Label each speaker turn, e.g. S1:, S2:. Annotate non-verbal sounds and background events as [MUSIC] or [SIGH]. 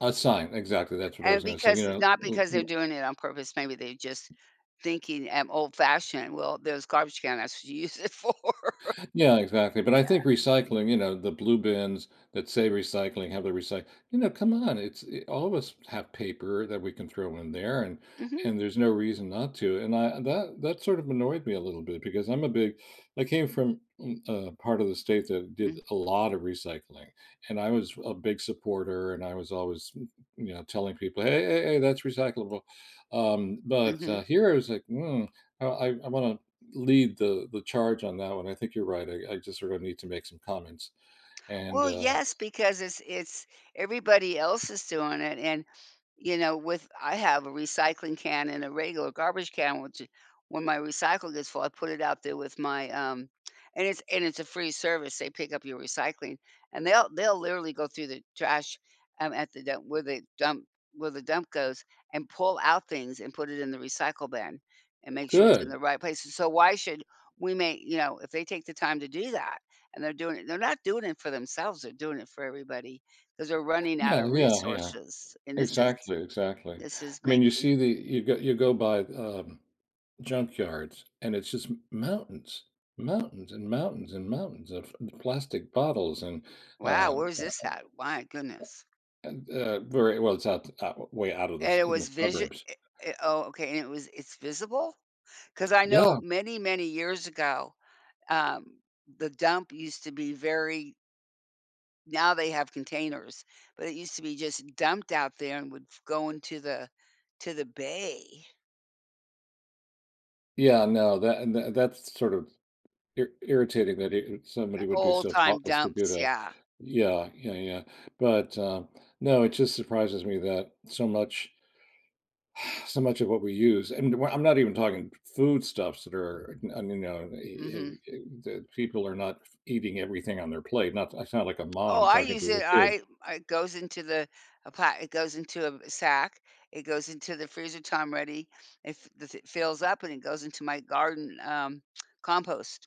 S1: A sign, exactly. That's what I was
S2: And
S1: gonna say, you
S2: because e not because they're
S1: know.
S2: doing it on purpose, maybe they just thinking, um, old fashioned, "Well, there's garbage can. That's what you use it for."
S1: Yeah, exactly, but, I
S2: Yeah.
S1: think recycling you know, the blue bins that say recycling, have the recy you know, come on, it's i all of us have paper that we can throw in there and
S2: Mhm.
S1: and there's no reason not to, and I that that sort of annoyed me a little bit, because I'm a big I came from m a part of the state that did
S2: Mhm.
S1: a lot of recycling, and I was a big supporter, and I was always, m you know, telling people, "Hey, hey, hey that's recyclable," um, but, uh,
S2: Mhm.
S1: here I was like, "Mm I I wanna lead the the charge on that one." I think you're right, I I just sort of need to make some comments. And,
S2: Well,
S1: uh
S2: yes, because it's it's everybody else is doing it and, you know, with I have a recycling can and a regular garbage can, which it when my recycle gets full, I put it out there with my, um and it's and it's a free service. They pick up your recycling, and they'll they'll literally go through the trash, um, at the dump where the dump where the dump goes, and pull out things, and put it in the recycle bin, and make sure it's in
S1: Good.
S2: the right place. S so why should we make, you know, if they take the time to do that, and they're doing it and they're not doing it for themselves, they're doing it for everybody 'cause they're running out
S1: Yeah,
S2: of
S1: yeah, yeah.
S2: resources and this is
S1: Exactly, exactly.
S2: this is
S1: I mean, you
S2: making
S1: see the you go you go by, um, junkyards, and it's just m mountains. Mountains and mountains and mountains of p plastic bottles and,
S2: Wow,
S1: um,
S2: where's
S1: uh uh,
S2: this at? My goodness.
S1: uh, and, uh, very well, it's out it's out o way out of the s
S2: And it
S1: in the
S2: was visio
S1: suburbs.
S2: eh eh oh, okay, and it was it's visible? 'Cause I know
S1: Yeah.
S2: many, many years ago, um, the dump used to be very now they have containers, but it used to be just dumped out there and would f go into the to the bay.
S1: Yeah, no, tha and tha that's sort of ir irritating that i it
S2: Uh,
S1: somebody would be
S2: old
S1: so
S2: time
S1: thoughtless to do
S2: dumps,
S1: that.
S2: yeah.
S1: Yeah, yeah, yeah, but, uh, no, it just surprises me that so much, [SIGHS] so much of what we use and w I'm not even talking foodstuffs that are, u un you know, eh eh
S2: Mhm.
S1: eh, that people are not f eating everything on their plate. Not I sound like a
S2: Oh,
S1: mom
S2: I
S1: talking
S2: use
S1: to
S2: it.
S1: a kid.
S2: I it goes into the a plat it goes into a v sack. It goes into the freezer time ready. If the th fills up, and it goes into my garden, um, [TSK] compost.